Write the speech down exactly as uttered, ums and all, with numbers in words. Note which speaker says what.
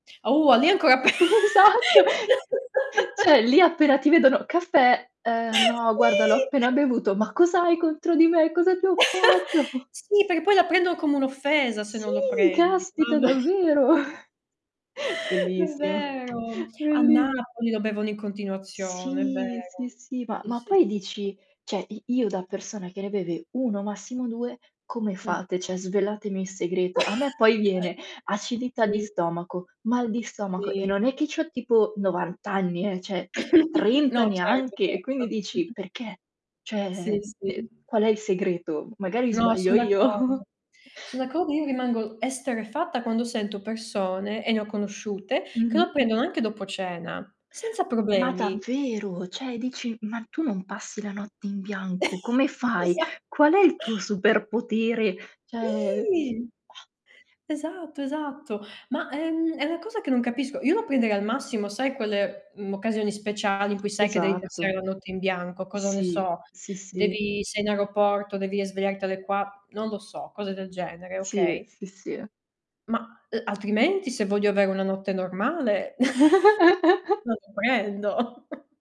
Speaker 1: Oh, lì ancora pe
Speaker 2: Esatto, cioè lì appena ti vedono: "Caffè? Eh, no guarda l'ho
Speaker 1: Sì.
Speaker 2: appena bevuto. Ma cos'hai contro di me? Cosa ti ho fatto?"
Speaker 1: Sì, perché poi la prendono come un'offesa, se
Speaker 2: Sì,
Speaker 1: non lo prendi.
Speaker 2: caspita,
Speaker 1: Mamma.
Speaker 2: davvero.
Speaker 1: È
Speaker 2: Bellissimo,
Speaker 1: vero. A
Speaker 2: bellis
Speaker 1: Napoli lo bevono in continuazione, è
Speaker 2: Sì, sì,
Speaker 1: vero.
Speaker 2: sì. Ma
Speaker 1: Sì,
Speaker 2: ma
Speaker 1: sì,
Speaker 2: poi
Speaker 1: sì.
Speaker 2: dici, ceh i io da persona che ne beve uno massimo due, come
Speaker 1: Mh.
Speaker 2: fate? ceh svelatemi il segreto. A me poi viene: acidità di
Speaker 1: Sì.
Speaker 2: stomaco, mal di stomaco e
Speaker 1: Sì.
Speaker 2: non è che c'ho tipo novanta anni, eh, ceh
Speaker 1: No,
Speaker 2: trenta
Speaker 1: certo,
Speaker 2: neanche, e
Speaker 1: certo.
Speaker 2: quindi dici perché?
Speaker 1: Sì,
Speaker 2: Cioè, de
Speaker 1: sì.
Speaker 2: qual è il segreto? Magari
Speaker 1: No,
Speaker 2: sbaglio
Speaker 1: sono d'accordo.
Speaker 2: io.
Speaker 1: Sono d'accordo, io rimango esterrefatta quando sento persone, e ne ho conosciute, che lo
Speaker 2: Mh-mh.
Speaker 1: prendono anche dopo cena, senza
Speaker 2: Ma
Speaker 1: problemi.
Speaker 2: davvero, cioè dici: "Ma tu non passi la notte in bianco? Come fai?
Speaker 1: Esa
Speaker 2: Qual è il tuo superpotere?". ceh,
Speaker 1: Sì.
Speaker 2: mah.
Speaker 1: Esatto, esatto. Ma è, mhmm, è una cosa che non capisco. Io lo prenderei al massimo, sai quelle, mh, occasioni speciali in cui sai che devi passare
Speaker 2: Esatto.
Speaker 1: la notte in bianco? Cosa ne
Speaker 2: Sì,
Speaker 1: so?
Speaker 2: sì, sì.
Speaker 1: Devi sei in aeroporto, devi svegliarti alle qua non lo so, cose del genere,
Speaker 2: Sì,
Speaker 1: okay?
Speaker 2: sì, sì.
Speaker 1: Ma, eh, altrimenti se voglio avere una notte normale, non lo prendo.